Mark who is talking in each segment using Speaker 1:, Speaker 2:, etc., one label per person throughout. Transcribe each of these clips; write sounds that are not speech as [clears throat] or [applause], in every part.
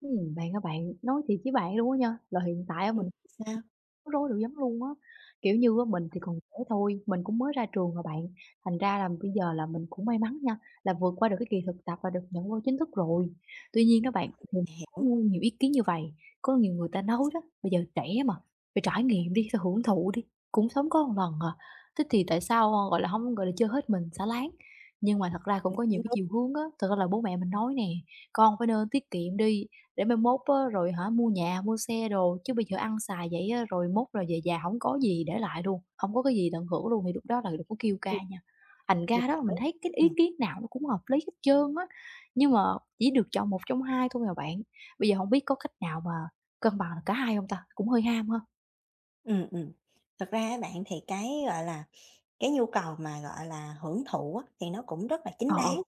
Speaker 1: Ừm, bạn ơi bạn nói thiệt với bạn luôn á nha, là hiện tại á
Speaker 2: Ừm,
Speaker 1: mình
Speaker 2: sao?
Speaker 1: rối dữ lắm luôn á, kiểu như á, mình thì
Speaker 2: Ừm.
Speaker 1: còn trẻ thôi, mình cũng mới ra trường à bạn, thành ra là bây giờ là mình cũng may mắn nha, là vượt qua được cái kỳ thực tập và được nhận vô chính thức rồi. Tuy nhiên đó bạn mình có
Speaker 2: Hiểu.
Speaker 1: ngu nhiều ý kiến như vầy, có nhiều người
Speaker 2: Ừm,
Speaker 1: ta nói đó,
Speaker 2: sao?
Speaker 1: bây giờ trẻ mà, phải trải nghiệm đi, phải hưởng thụ đi, cũng sống có lần à, thế thì tại sao, a, gọi là, hông, gọi là, chơi hết mình xả láng. Nhưng mà thật ra cũng có nhiều
Speaker 2: Cũng
Speaker 1: cái
Speaker 2: đúng.
Speaker 1: chiều hướng á, thật ra là bố mẹ mình nói nè, con phải nên tiết kiệm đi để mai mốt á rồi hả mua nhà, mua xe đồ chứ bây giờ ăn xài vậy á rồi mốt rồi về già hổng có gì để lại luôn, hông có cái gì tận hưởng luôn, thì lúc đó là đừng có kêu ca
Speaker 2: Ừm.
Speaker 1: nha. Thành
Speaker 2: Mình
Speaker 1: ra đó là mình
Speaker 2: hiểu,
Speaker 1: thấy cái ý
Speaker 2: ừm.
Speaker 1: kiến nào nó cũng hợp lý hết trơn á, nhưng mà chỉ được chọn 1 trong 2 thôi à bạn, bây giờ hổng biết có cách nào mà cân bằng cả hai hông ta? Cũng hơi ham ha.
Speaker 2: Ừm, ừm, thật ra á bạn thì cái, gọi là, cái nhu cầu mà, gọi là, hưởng thụ á thì nó cũng rất là
Speaker 1: Ờ,
Speaker 2: chính
Speaker 1: ờ.
Speaker 2: đáng,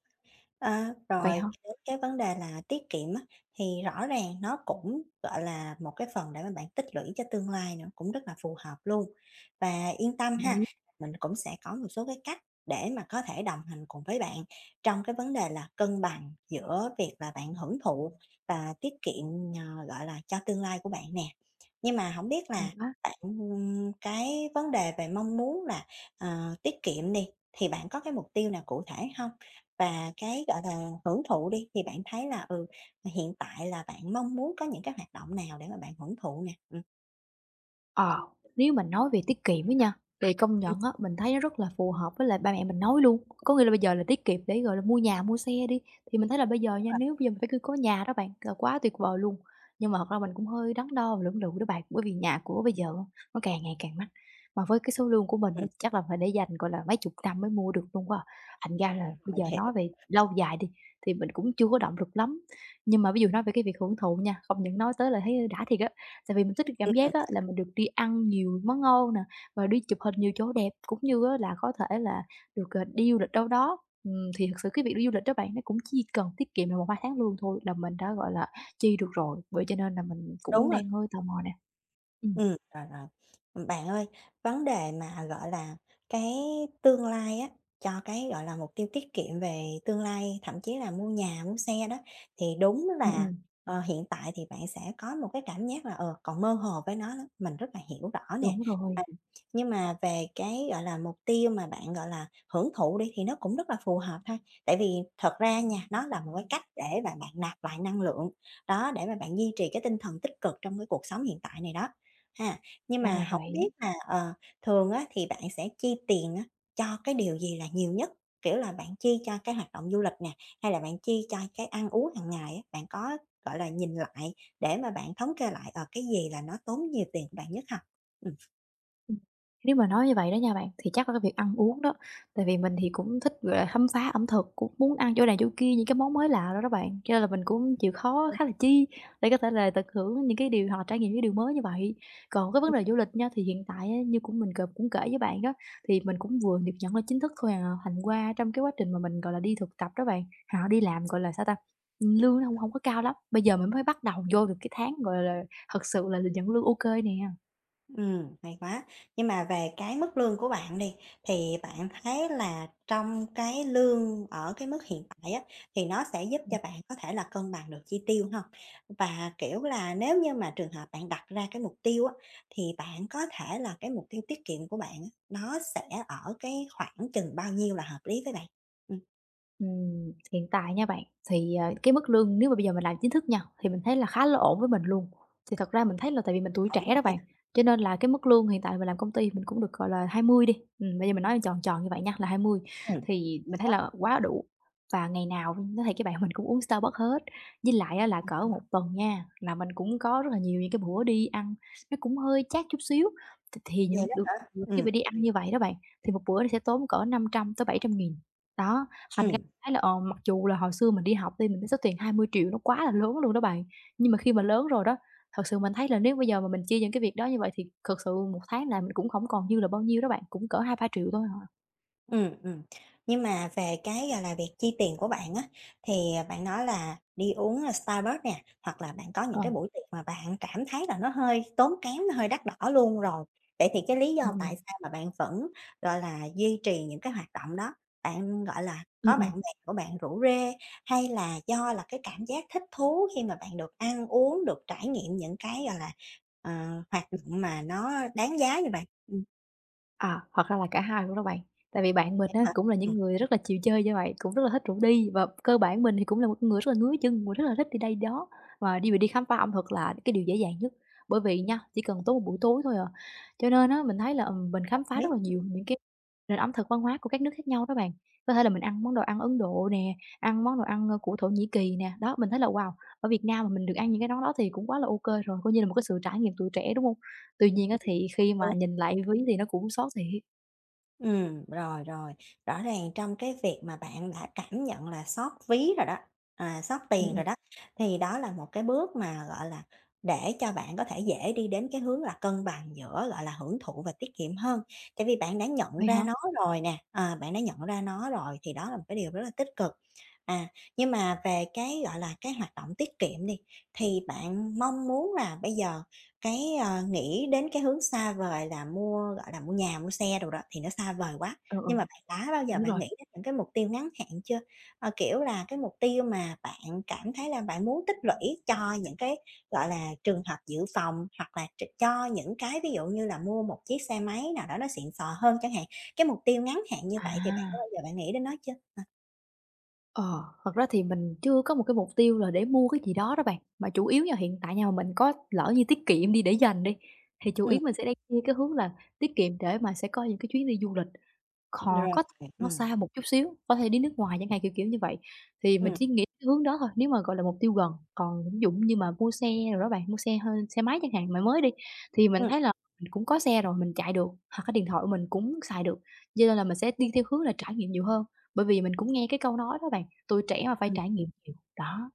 Speaker 2: ờ,
Speaker 1: Vậy
Speaker 2: rồi
Speaker 1: hả?
Speaker 2: đến cái vấn đề là tiết kiệm á thì rõ ràng nó cũng, gọi là, một cái phần để mà bạn tích lũy cho tương lai nữa, cũng rất là phù hợp luôn. Và yên tâm
Speaker 1: Đồng
Speaker 2: ha,
Speaker 1: ý.
Speaker 2: mình cũng sẽ có một số cái cách để mà có thể đồng hành cùng với bạn trong cái vấn đề là cân bằng giữa việc là bạn hưởng thụ và tiết kiệm, ờ, gọi là, cho tương lai của bạn nè. Nhưng mà hổng biết
Speaker 1: Hay
Speaker 2: là
Speaker 1: quá.
Speaker 2: bạn ừm cái vấn đề về mong muốn là, à, tiết kiệm đi, thì bạn có cái mục tiêu nào cụ thể hông? Và cái, gọi là, hưởng thụ đi thì bạn thấy là, ừ, hiện tại là bạn mong muốn có những cái hoạt động nào để mà bạn hưởng thụ nè? Ừm.
Speaker 1: Ờ, nếu mà nói về tiết kiệm á nha, thì công
Speaker 2: Ừm.
Speaker 1: nhận á, mình thấy nó rất là phù hợp với lại ba mẹ mình nói luôn, có nghĩa là bây giờ là tiết kiệm để, gọi là, mua nhà, mua xe đi, thì mình thấy là bây giờ
Speaker 2: Đúng
Speaker 1: nha,
Speaker 2: rồi.
Speaker 1: nếu bây giờ mình phải cư có nhà đó bạn là quá tuyệt vời luôn. Nhưng mà thật ra mình cũng hơi đắn đo và lưỡng lự đó bạn, bởi vì nhà cửa bây giờ á, nó càng ngày càng mắc, mà với cái số lương của mình á,
Speaker 2: Ừm.
Speaker 1: chắc là phải để dành, gọi là, mấy chục năm mới mua được luôn quá à, thành ra là
Speaker 2: Ừm,
Speaker 1: bây
Speaker 2: mình
Speaker 1: giờ
Speaker 2: hiểu.
Speaker 1: nói về lâu dài đi thì mình cũng chưa có động lực lắm. Nhưng mà ví dụ nói về cái việc hưởng thụ nha, công nhận nói tới là thấy đã thiệt á, tại vì mình thích cái
Speaker 2: Ừm,
Speaker 1: cảm
Speaker 2: ừm.
Speaker 1: giác á, là mình được đi ăn nhiều món ngon nè, và đi chụp hình nhiều chỗ đẹp cũng như á là có thể là được, ờ, đi du lịch đâu đó. Ừm, thì thực sự cái việc đi du lịch đó bạn, nó cũng chỉ cần tiết kiệm được 1, 2 tháng lương thôi là mình đã, gọi là, chi được rồi, vậy cho nên là mình cũng
Speaker 2: Đúng rồi.
Speaker 1: đang hơi tò mò nè. Ừm.
Speaker 2: Ừm, rồi, rồi. Ừm, bạn ơi, vấn đề mà, gọi là, cái tương lai á, cho cái, gọi là, mục tiêu tiết kiệm về tương lai, thậm chí là mua nhà mua xe đó thì đúng
Speaker 1: Ừm,
Speaker 2: là,
Speaker 1: ừm.
Speaker 2: ờ, hiện tại thì bạn sẽ có một cái cảm giác là, ờ, còn mơ hồ với nó lắm, mình rất là hiểu rõ nè,
Speaker 1: Đúng rồi.
Speaker 2: ừm. Nhưng mà về cái, gọi là, mục tiêu mà bạn, gọi là, hưởng thụ đi, thì nó cũng rất là phù hợp ha, tại vì thật ra nha, nó là một cái cách để bạn bạn nạp lại năng lượng, đó để mà bạn duy trì cái tinh thần tích cực trong cái cuộc sống hiện tại này đó, ha. Nhưng
Speaker 1: Ra là
Speaker 2: mà hổng biết
Speaker 1: vậy.
Speaker 2: là, ờ, thường á, thì bạn sẽ chi tiền á, cho cái điều gì là nhiều nhất? Kiểu là, bạn chi cho cái hoạt động du lịch nè, hay là bạn chi cho cái ăn uống hàng ngày á? Bạn có, gọi là, nhìn lại để mà bạn thống kê lại, ờ, cái gì là nó tốn nhiều tiền bạn nhất hông? Ừm.
Speaker 1: Ừm. Nếu mà nói như vậy đó nha bạn, thì chắc là cái việc ăn uống đó. Tại vì mình thì cũng thích về khám phá ẩm thực, cũng muốn ăn chỗ này chỗ kia, những cái món mới lạ đồ đó bạn, cho nên là mình cũng chịu
Speaker 2: [unintelligible]
Speaker 1: khó
Speaker 2: Đúng.
Speaker 1: khá là chi để có thể là tận hưởng những cái điều hoặc là trải nghiệm những điều mới như vậy. Còn cái vấn
Speaker 2: [unintelligible]
Speaker 1: đề du lịch nha, thì hiện tại á như cũng mình c cũng kể với bạn đó thì mình cũng vừa được nhận lên chính thức thôi à, thành qua trong cái quá trình mà mình, gọi là, đi thực tập đó bạn, hoặc là đi làm, gọi là sao ta? Ừm, lương nó hông hổng có cao lắm, bây giờ mình mới bắt đầu vô được cái tháng, gọi là, thật sự là được nhận lương ô kê nè.
Speaker 2: Ừm, hay quá. Nhưng mà về cái mức lương của bạn đi thì bạn thấy là trong cái lương ở cái mức hiện tại á, thì nó sẽ giúp cho
Speaker 1: [unintelligible]
Speaker 2: bạn có thể là cân bằng được chi tiêu hông? Và, kiểu là, nếu như mà trường hợp bạn đặt ra cái mục tiêu á, thì bạn có thể là cái mục tiêu tiết kiệm của bạn á, nó sẽ ở cái khoảng chừng bao nhiêu là hợp lý với bạn? Ừm.
Speaker 1: Ừm. Hiện tại nha bạn, thì, à, cái mức lương nếu mà bây giờ mình làm chính thức nha, thì mình thấy là khá là ổn với mình luôn. Thì thật ra mình thấy là tại vì mình tuổi
Speaker 2: Ổn
Speaker 1: trẻ
Speaker 2: rồi
Speaker 1: đó bạn,
Speaker 2: ha?
Speaker 1: cho nên là cái mức lương hiện tại là mình làm công ty mình cũng được, gọi là, 20 đi, ừm, bây giờ mình nói tròn tròn như vậy nha là 20.
Speaker 2: Ừm. Hay
Speaker 1: Thì mình thấy
Speaker 2: quá!
Speaker 1: là quá đủ và ngày nào luôn nói thiệt với bạn mình cũng uống Starbucks hết, với lại á là cỡ 1
Speaker 2: [unintelligible]
Speaker 1: tuần nha, là mình cũng có rất là nhiều những cái bữa đi ăn nó cũng hơi chát chút xíu, th thì những
Speaker 2: Vậy đó
Speaker 1: được
Speaker 2: hả.
Speaker 1: được khi
Speaker 2: Ừm.
Speaker 1: mà đi ăn như vậy đó bạn, thì một bữa nó sẽ tốn cỡ 500.000-700.000 đó. Thành ra
Speaker 2: Ừm.
Speaker 1: thấy là, ờm, mặc dù là hồi xưa mình đi học đi mình thấy số tiền 20.000.000 nó quá là lớn luôn đó bạn, nhưng mà khi mà lớn rồi đó, thật sự mình thấy là nếu bây giờ mà mình chi những cái việc đó như vậy, thì thật sự một tháng làm cũng hổng còn dư là bao nhiêu đó bạn, cũng cỡ 2.000.000-3.000.000 thôi à.
Speaker 2: Ừm, ừm. Nhưng mà về cái, gọi là, việc chi tiền của bạn á, thì, à, bạn nói là đi uống, a, Starbucks nè, hoặc là bạn có những
Speaker 1: Ờ.
Speaker 2: cái buổi tiệc mà bạn cảm thấy là nó hơi tốn kém, nó hơi đắt đỏ luôn rồi, vậy thì cái lý
Speaker 1: Ừm,
Speaker 2: do tại
Speaker 1: ừm.
Speaker 2: sao mà bạn vẫn, gọi là, duy trì những cái hoạt động đó? Bạn, gọi là,
Speaker 1: Ừm,
Speaker 2: có
Speaker 1: ừm.
Speaker 2: bạn bè của bạn rủ rê, hay là do là cái cảm giác thích thú khi mà bạn được ăn uống, được trải nghiệm những cái, gọi là, ờ, hoạt động mà nó đáng giá như vậy? Ừm.
Speaker 1: À, thật ra là cả hai luôn đó bạn. Tại vì bạn mình
Speaker 2: Vậy á
Speaker 1: á,
Speaker 2: hả?
Speaker 1: cũng là những
Speaker 2: Ừm.
Speaker 1: người rất là chịu chơi như vậy, cũng rất là thích rủ đi, và cơ bản mình thì cũng là một cái người rất là ngứa chân, mình rất là thích đi đây, đi đó, và đi mình đi khám phá ẩm thực là cái điều dễ dàng nhất, bởi vì nha, chỉ cần tốn một buổi tối thôi à. Cho nên á, mình thấy là, ừ, mình
Speaker 2: Hợp
Speaker 1: khám phá rất
Speaker 2: lý,
Speaker 1: là nhiều
Speaker 2: ừm.
Speaker 1: những cái nền ẩm thực văn hóa của các nước khác nhau đó bạn, có thể là mình ăn món đồ ăn Ấn Độ nè, ăn món đồ ăn, ơ, của Thổ Nhĩ Kỳ nè, đó, mình thấy là, wow, ở Việt Nam mà mình được ăn những cái món đó thì cũng quá là OK rồi, coi như là một cái sự trải nghiệm tuổi trẻ, đúng hông? Tuy nhiên á,
Speaker 2: Ừm,
Speaker 1: thì khi mà
Speaker 2: đúng.
Speaker 1: nhìn lại ví thì nó cũng xót thiệt.
Speaker 2: Ừm, rồi, rồi. Rõ ràng trong cái việc mà bạn đã cảm nhận là xót ví rồi đó, à, xót
Speaker 1: Ừm,
Speaker 2: tiền
Speaker 1: ừm.
Speaker 2: rồi đó, thì đó là một cái bước mà, gọi là, để cho bạn có thể dễ đi đến cái hướng là cân bằng giữa, gọi là, hưởng thụ và tiết kiệm hơn, tại vì bạn đã nhận
Speaker 1: Vậy
Speaker 2: ra
Speaker 1: hả?
Speaker 2: nó rồi nè, ờ, bạn đã nhận ra nó rồi thì đó là một cái điều rất là tích cực. À, nhưng mà về cái, gọi là, cái hoạt động tiết kiệm đi, thì bạn mong muốn là bây giờ cái, ờ, nghĩ đến cái hướng xa vời là mua, gọi là, mua nhà, mua xe đồ đó, thì nó xa vời quá,
Speaker 1: Ừ,
Speaker 2: nhưng
Speaker 1: ừ.
Speaker 2: mà bạn đã bao giờ
Speaker 1: Đúng
Speaker 2: bạn
Speaker 1: rồi.
Speaker 2: nghĩ đến những cái mục tiêu ngắn hạn chưa? Ơ, kiểu là, cái mục tiêu mà bạn cảm thấy là bạn muốn tích lũy cho những cái, gọi là, trường hợp dự phòng, hoặc là tr cho những cái ví dụ như là mua một chiếc xe máy nào đó nó xịn xò hơn chẳng hạn? Cái mục tiêu ngắn hạn như vậy thì bạn đã
Speaker 1: À!
Speaker 2: bao giờ bạn nghĩ đến nó chưa hả?
Speaker 1: Ờ, thật ra thì mình chưa có một cái mục tiêu là để mua cái gì đó đó bạn, mà chủ yếu nha hiện tại nha mà mình có lỡ như tiết kiệm đi để dành đi, thì chủ yếu
Speaker 2: Ừm.
Speaker 1: mình sẽ đem như cái hướng là tiết kiệm để mà sẽ có những cái chuyến đi du lịch, khò
Speaker 2: Rồi,
Speaker 1: có nó
Speaker 2: ừm.
Speaker 1: xa một chút xíu, có thể đi nước ngoài chẳng hạn, kiểu kiểu như vậy. Thì mình
Speaker 2: Ừm.
Speaker 1: chỉ nghĩ cái hướng đó thôi nếu mà, gọi là, mục tiêu gần. Còn ví dụ như mà mua xe đồ đó bạn mua xe hơ xe máy chẳng hạn mà mới đi, thì mình
Speaker 2: Ừm.
Speaker 1: thấy là mình cũng có xe rồi mình chạy được hoặc cái điện thoại của mình cũng xài được, giơ nên là mình sẽ đi theo hướng là trải nghiệm nhiều hơn. Bởi vì mình cũng nghe cái câu nói đó bạn, tuổi trẻ mà phải
Speaker 2: Ừm.
Speaker 1: trải nghiệm nhiều đó.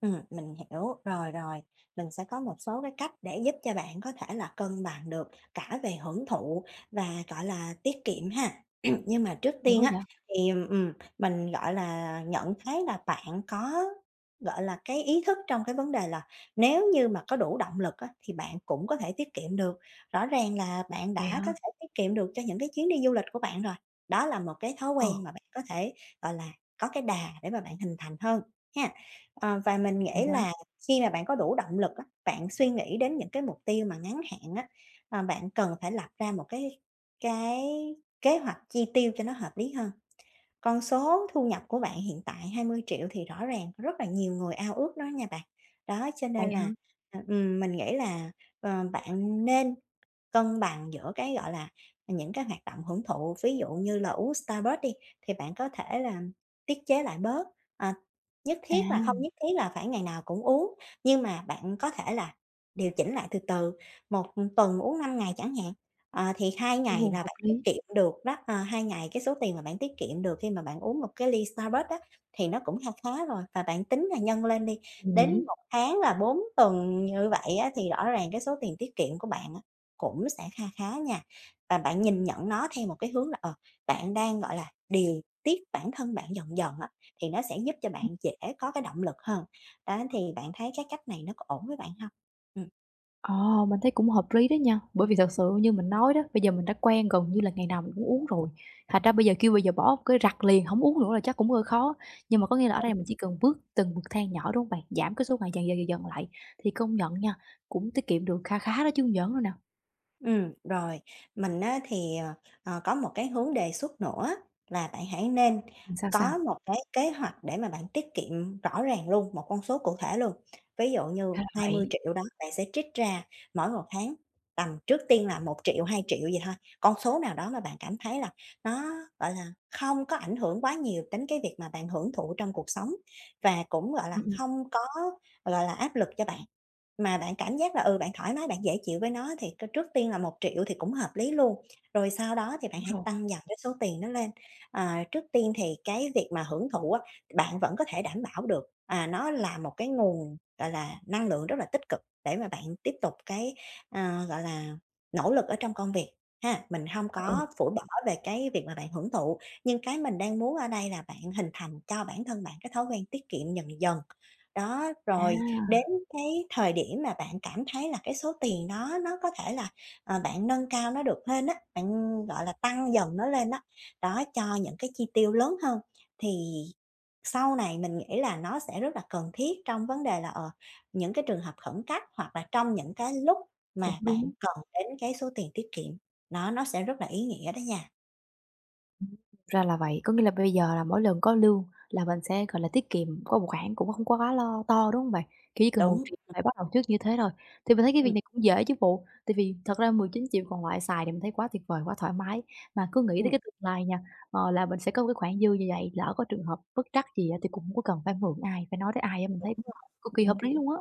Speaker 2: Ừm, mình hiểu. Rồi, rồi, mình sẽ có một số cái cách để giúp cho bạn có thể là cân bằng được cả về hưởng thụ và, gọi là, tiết kiệm ha. [clears throat] Nhưng mà trước
Speaker 1: Hay quá
Speaker 2: tiên á
Speaker 1: vậy!
Speaker 2: thì, ừm, ừm, mình, gọi là, nhận thấy là bạn có, gọi là, cái ý thức trong cái vấn đề là, nếu như mà có đủ động lực á thì bạn cũng có thể tiết kiệm được. Rõ ràng là bạn
Speaker 1: Vậy
Speaker 2: đã
Speaker 1: hả?
Speaker 2: có thể tiết kiệm được cho những cái chuyến đi du lịch của bạn rồi, đó là một cái thói
Speaker 1: Ừ.
Speaker 2: quen mà bạn có thể, gọi là, có cái đà để mà bạn hình thành hơn hén. Ờ, và mình
Speaker 1: Hay
Speaker 2: nghĩ
Speaker 1: quá!
Speaker 2: là khi mà bạn có đủ động lực á, bạn suy nghĩ đến những cái mục tiêu mà ngắn hạn á, ờ, bạn cần phải lập ra một cái cái kế hoạch chi tiêu cho nó hợp lý hơn. Con số thu nhập của bạn hiện tại 20.000.000 thì rõ ràng rất là nhiều người ao ước đó nha bạn, đó, cho
Speaker 1: Vậy
Speaker 2: nên
Speaker 1: hả?
Speaker 2: là, à, ừm, mình nghĩ là, ờ, bạn nên cân bằng giữa cái, gọi là, những cái hoạt động hưởng thụ. Ví dụ như là uống Starbucks đi thì bạn có thể là tiết chế lại bớt, ờ, nhất
Speaker 1: À.
Speaker 2: thiết là hông nhất thiết là phải ngày nào cũng uống, nhưng mà bạn có thể là điều chỉnh lại từ từ, 1, ừm, tuần uống 5 ngày chẳng hạn, ờ, thì 2 ngày
Speaker 1: Ồ,
Speaker 2: là
Speaker 1: hợp
Speaker 2: bạn tiết
Speaker 1: lý!
Speaker 2: kiệm được đó. Ờ, 2 ngày cái số tiền mà bạn tiết kiệm được khi mà bạn uống một cái ly Starbucks đó thì nó cũng kha khá rồi và bạn tính là nhân lên đi,
Speaker 1: Ừm,
Speaker 2: đến
Speaker 1: nhỉ.
Speaker 2: 1 tháng là 4 tuần như vậy á thì rõ ràng cái số tiền tiết kiệm của bạn á cũng sẽ kha khá nha. Và bạn nhìn nhận nó theo một cái hướng là, ờ, bạn đang, gọi là, điều tiết bản thân bạn dần dần á, thì nó sẽ giúp cho
Speaker 1: Ừm.
Speaker 2: bạn dễ có cái động lực hơn. Đó thì bạn thấy cái cách này nó có ổn với bạn hông? Ừm.
Speaker 1: Ờ, mình thấy cũng hợp lý đó nha, bởi vì thật sự như mình nói đó, bây giờ mình đã quen gần như là ngày nào mình cũng uống rồi, thành ra bây giờ kêu bây giờ bỏ cái rặt liền hổng uống nữa là chắc cũng hơi khó. Nhưng mà có nghĩa là ở đây
Speaker 2: [unintelligible]
Speaker 1: mình chỉ cần bước từng bậc thang nhỏ, đúng hông bạn? Giảm cái số ngày dần, dần, dần, dần lại thì công nhận nha, cũng tiết kiệm được kha khá đó chứ hông giỡn đâu nè.
Speaker 2: Ừm, rồi mình á, thì, ờ, ờ, có một cái hướng đề xuất nữa là bạn hãy nên
Speaker 1: Ừm, sao,
Speaker 2: có
Speaker 1: sao?
Speaker 2: một cái kế hoạch để mà bạn tiết kiệm rõ ràng luôn, một con số cụ thể luôn. Ví dụ như
Speaker 1: Ra
Speaker 2: hai mươi
Speaker 1: vậy.
Speaker 2: triệu đó, bạn sẽ trích ra mỗi một tháng tầm trước tiên là 1.000.000, 2.000.000 gì thôi, con số nào đó mà bạn cảm thấy là nó, gọi là, không có ảnh hưởng quá nhiều đến cái việc mà bạn hưởng thụ trong cuộc sống và cũng, gọi là,
Speaker 1: Ừm, ừm.
Speaker 2: hông có, gọi là là, áp lực cho bạn, mà bạn cảm giác là, ừ, bạn thoải mái bạn dễ chịu với nó thì tr trước tiên là 1.000.000 thì cũng hợp lý luôn. Rồi sau đó thì bạn
Speaker 1: Đúng
Speaker 2: hãy
Speaker 1: rồi.
Speaker 2: tăng dần cái số tiền nó lên, ờ, trước tiên thì cái việc mà hưởng thụ á, bạn vẫn có thể đảm bảo được, à, nó là một cái nguồn, gọi là, năng lượng rất là tích cực để mà bạn tiếp tục cái, ờ, gọi là, nỗ lực ở trong công việc ha. Mình hông
Speaker 1: A,
Speaker 2: có
Speaker 1: ừ.
Speaker 2: phủi bỏ về cái việc mà bạn hưởng thụ, nhưng cái mình đang muốn ở đây là bạn hình thành cho bản thân bạn cái thói quen tiết kiệm dần dần. Đó, rồi đến
Speaker 1: À!
Speaker 2: cái thời điểm mà bạn cảm thấy là cái số tiền đó nó có thể là, ờ, bạn nâng cao nó được lên á, bạn, gọi là, tăng dần nó lên á, đó, cho những cái chi tiêu lớn hơn, thì sau này mình nghĩ là nó sẽ rất là cần thiết trong vấn đề là, ờ, những cái trường hợp khẩn cấp, hoặc là trong những cái lúc
Speaker 1: Cũng
Speaker 2: mà bạn
Speaker 1: đúng.
Speaker 2: cần đến cái số tiền tiết kiệm, đó, nó sẽ rất là ý nghĩa đó nha.
Speaker 1: Ừm, ra là vậy, có nghĩa là bây giờ là mỗi lần có lương là mình sẽ, gọi là, tiết kiệm có một khoản cũng không quá lo to, đúng hông bạn? Kiểu chỉ cần một
Speaker 2: Đúng,
Speaker 1: triệu
Speaker 2: ừm.
Speaker 1: phải bắt đầu trước như thế thôi, thì mình thấy cái việc
Speaker 2: Ừm.
Speaker 1: này cũng dễ chứ bộ, tại vì thật ra 19.000.000 còn lại xài thì mình thấy quá tuyệt vời quá thoải mái. Mà cứ nghĩ tới
Speaker 2: Ừm.
Speaker 1: cái tương lai nha, ờ, là mình sẽ có một cái khoản dư như vậy lỡ có trường hợp bất trắc gì á, thì cũng hông có cần phải mượn ai, phải nói tới ai á, mình
Speaker 2: Đúng
Speaker 1: thấy, ưm, cực kỳ
Speaker 2: rồi.
Speaker 1: hợp
Speaker 2: Ừm.
Speaker 1: lý luôn á.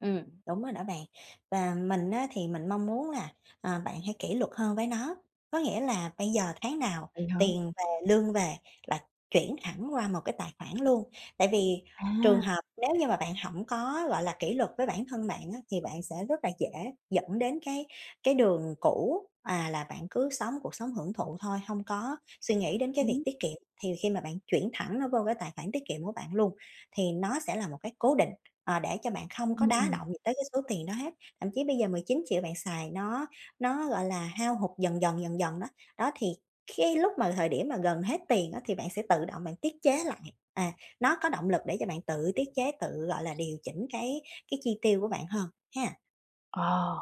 Speaker 2: Ừm, đúng rồi đó bạn. Và mình á, thì mình mong muốn là, ờ, bạn hãy kỷ luật hơn với nó, có nghĩa là bây giờ tháng nào
Speaker 1: Vậy hả?
Speaker 2: tiền về, lương về là chuyển thẳng qua một cái tài khoản luôn. Tại vì trường
Speaker 1: À!
Speaker 2: hợp nếu như mà bạn hổng có, gọi là, kỷ luật với bản thân bạn á, thì bạn sẽ rất là dễ dẫn đến cái cái đường cũ, à, là bạn cứ sống cuộc sống hưởng thụ thôi, hông có suy nghĩ đến cái việc
Speaker 1: Đúng.
Speaker 2: tiết kiệm, thì khi mà bạn chuyển thẳng nó vô cái tài khoản tiết kiệm của bạn luôn, thì nó sẽ là một cái cố định, ờ, để cho bạn không có
Speaker 1: Ừm,
Speaker 2: đá
Speaker 1: ừm.
Speaker 2: động gì tới cái số tiền đó hết. Thậm chí bây giờ 19.000.000 bạn xài nó nó, gọi là, hao hụt dần dần, dần dần đó, đó thì cái lúc mà thời điểm mà gần hết tiền á, thì bạn sẽ tự động bạn tiết chế lại, à, nó có động lực để cho bạn tự tiết chế tự, gọi là, điều chỉnh cái cái chi tiêu của bạn hơn ha.
Speaker 1: Ờ,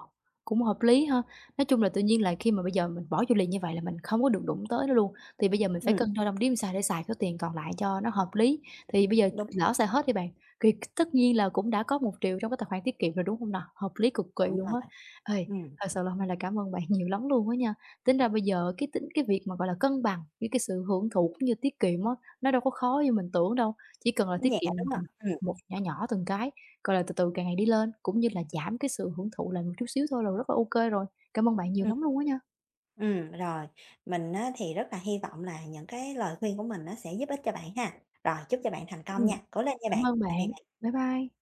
Speaker 1: cũng hợp lý ha. Nói chung là tự nhiên là khi mà bây giờ mình bỏ vô liền như vậy là mình không có được đụng tới nó luôn, thì bây giờ mình phải
Speaker 2: Ừm.
Speaker 1: cân đo đong đếm sao để xài số tiền còn lại cho nó hợp lý. Thì bây giờ
Speaker 2: Đúng.
Speaker 1: lỡ xài hết đi bạn, thì tất nhiên là cũng đã có 1.000.000 trong cái tài khoản tiết kiệm rồi, đúng hông nà? Hợp lý cực kỳ
Speaker 2: Đúng
Speaker 1: luôn á.
Speaker 2: rồi.
Speaker 1: Ê,
Speaker 2: Ừm.
Speaker 1: thật sự là hôm nay là cảm ơn bạn nhiều lắm luôn á nha, tính ra bây giờ cái tính cái việc mà, gọi là, cân bằng với cái sự hưởng thụ cũng như tiết kiệm á, nó đâu có khó như mình tưởng đâu, chỉ cần là
Speaker 2: Nó
Speaker 1: tiết
Speaker 2: nhẹ,
Speaker 1: kiệm,
Speaker 2: đúng hông?
Speaker 1: ừm,
Speaker 2: Ừm.
Speaker 1: một nhỏ nhỏ từng cái, gọi là, từ từ càng ngày đi lên cũng như là giảm cái sự hưởng thụ lại một chút xíu thôi là rất là OK rồi. Cảm ơn bạn nhiều
Speaker 2: Ừm.
Speaker 1: lắm luôn á nha!
Speaker 2: Ừm, rồi. Mình á, thì rất là hy vọng là những cái lời khuyên của mình nó sẽ giúp ích cho bạn ha. Rồi, chúc cho bạn thành công nha,
Speaker 1: Ừm,
Speaker 2: cố lên nha
Speaker 1: cảm
Speaker 2: bạn!
Speaker 1: ơn
Speaker 2: Tạm biệt
Speaker 1: bạn.
Speaker 2: bạn.
Speaker 1: Bye bye!